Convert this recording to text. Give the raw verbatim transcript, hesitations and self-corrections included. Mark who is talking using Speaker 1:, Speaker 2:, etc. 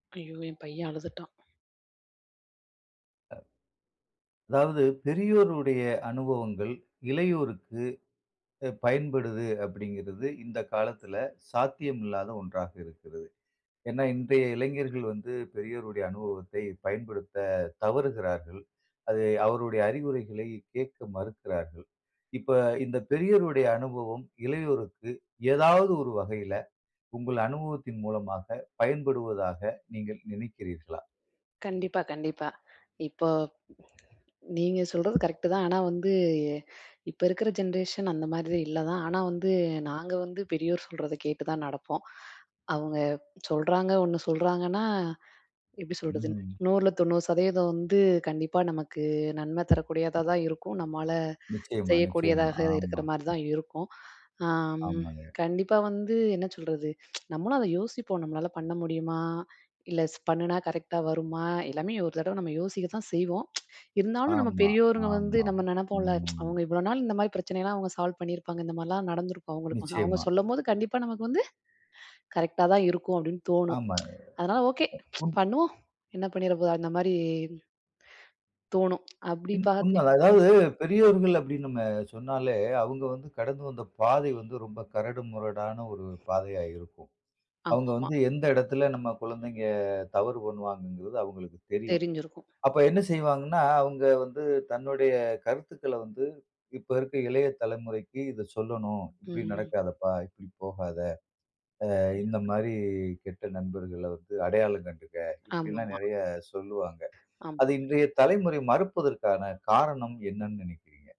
Speaker 1: ஐயோ! என் பையன் அழுதுட்டான்.
Speaker 2: "அதாவது பெரியோருடைய அனுபவங்கள். இளையோருக்கு பயன்படுது" அப்படிங்கிறது இந்த காலத்தில சாத்தியம் இல்லாத ஒன்றாக இருக்கிறது. ஏன்னா இன்றைய இளைஞர்கள் வந்து, பெரியோருடைய அனுபவத்தை பயன்படுத்த தவறுகிறார்கள். அது அவருடைய அறிவுரைகளை கேட்க மறுக்கிறார்கள். இப்ப இந்த பெரியோருடைய அனுபவம் இளையோருக்கு ஏதாவது ஒரு வகையில, உங்கள் அனுபவத்தின் மூலமாக பயன்படுவதாக நீங்க நினைக்கிறீர்களா?
Speaker 1: கண்டிப்பா கண்டிப்பா. இப்போ நீங்க சொல்றது கரெக்ட் தான், ஆனா, வந்து இப்போ இருக்கிற ஜென்ரேஷன் அந்த மாதிரி இல்ல தான், ஆனா, வந்து நாங்க வந்து பெரியோர் சொல்றத கேட்டு தான் நடப்போம். அவுங்க சொல்றாங்க ஒண்ணு சொல்றாங்கன்னா எப்டி சொல்றது,
Speaker 2: ம்.
Speaker 1: நூறுல தொண்ணூறு சதவீதம் வந்து கண்டிப்பா நமக்கு நன்ம தரக்கூடியதா தான் இருக்கும், நம்மால
Speaker 2: நிச்சயமா, நிச்சயமா
Speaker 1: செய்யக்கூடியதாக இருக்கிற
Speaker 2: ஆமா.
Speaker 1: மாரி தான் இருக்கும். ஆம்
Speaker 2: ஆமாங்க.
Speaker 1: கண்டிப்பா வந்து என்ன சொல்றது நம்மளும் அத யோசிப்போம். நம்மளால பண்ண முடியுமா? இல்ல ஸ் பண்ணினா கரெக்ட்டா வருமா? எல்லாமே ஒரு தடவ நம்ம யோசிக்க தான் செய்வோம், இருந்தாலும் நம்ம
Speaker 2: ஆமா,
Speaker 1: பெரியோர்ங்க வந்து
Speaker 2: ஆமா.
Speaker 1: நம்ம நெனைப்போல்ல
Speaker 2: ம்.
Speaker 1: அவங்க இவ்வளோ நாள் இந்த மாரி பிரச்சனைலாம் அவங்க சால்வ் பண்ணியிருப்பாங்க, இந்த மாதிரிலாம் நடந்திருக்கும், அவங்களுக்கு அவங்க
Speaker 2: நிச்சயமா.
Speaker 1: சொல்லம்போது "கண்டிப்பா நமக்கு வந்து, கரெக்ட்டா தான் இருக்கும்" அப்படின்னு தோணும்.
Speaker 2: ஆமா.
Speaker 1: அதனால "ஓகே"
Speaker 2: அ. உன்
Speaker 1: பண்ணுவோம், என்ன பண்ணிட போது அந்த மாரி, தோணும். அப்டி
Speaker 2: ம்.
Speaker 1: பார்ப்பேன்.
Speaker 2: உண்மதான் அதாவது பெரியோர்கள் அப்டின்னு நம்ம சொன்னாலே, அவுங்க வந்து கடந்து வந்த பாதை வந்து ரொம்ப கரடுமுரடான ஒரு பாதையா இருக்கும். அவுங்க
Speaker 1: ஆமாமா.
Speaker 2: வந்து எந்த எடத்தில நம் கொழந்தைங்க தவறு பண்ணுவாங்கங்கிறது அவங்களுக்கு தெரியும்.
Speaker 1: தெரிஞ்சிருக்கும்.
Speaker 2: அப்ப என்ன செய்வாங்கன்னா, அவுங்க வந்து தன்னுடைய கருத்துக்கள வந்து இப்ப இருக்கிற இளைய தலைமுறைக்கி "இதை சொல்லணும்.
Speaker 1: ம்,
Speaker 2: இப்டி
Speaker 1: ம்.
Speaker 2: நடக்காதப்பா, இப்டி போகாத. அ இந்த மாரி கெட்ட நண்பர்கள வந்து அடையாளம் கண்டுக்க" இப்டில்லாம்
Speaker 1: ஆமாமா.
Speaker 2: நெறைய சொல்லுவாங்க.
Speaker 1: ஆமா.
Speaker 2: அது இன்றைய தலைமுறை மறுப்பதற்கான காரணம் என்னனு நெனைக்கிறீங்க?